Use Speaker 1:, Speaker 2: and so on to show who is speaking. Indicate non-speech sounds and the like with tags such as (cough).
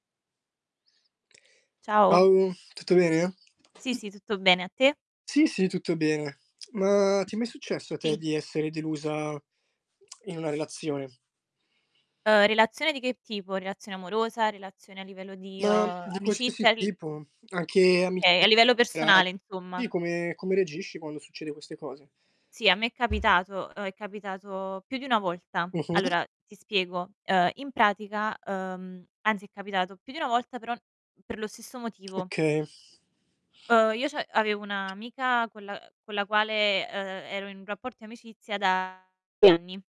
Speaker 1: Ciao.
Speaker 2: Ciao, tutto bene?
Speaker 1: Sì, sì, tutto bene, a te?
Speaker 2: Sì, sì tutto bene. Mah, ti è mai successo a te
Speaker 1: Sì.
Speaker 2: di essere delusa (clicks tongue) in una relazione?
Speaker 1: Uhm, relazione di che tipo, relazione amorosa, relazione a livello di,
Speaker 2: Mah,
Speaker 1: uhm,
Speaker 2: di qualsiasi
Speaker 1: amicizia? Il
Speaker 2: tipo, anche ami
Speaker 1: Okay, a
Speaker 2: (unintelligible)
Speaker 1: livello personale insomma.
Speaker 2: i come come reagisci quando succede queste cose?
Speaker 1: Sì, a me è capitato, uhm, è capitato più di 1 volta.
Speaker 2: Mh-mh.
Speaker 1: Allora ti spiego, uhm, in pratica uhm, anzi è capitato più di 1 volta però per lo stesso motivo.
Speaker 2: Okay.
Speaker 1: Uhm, io c'av avevo un'amica con la ehm, con la quale, ehm, ero in un rapporto di amicizia da anni.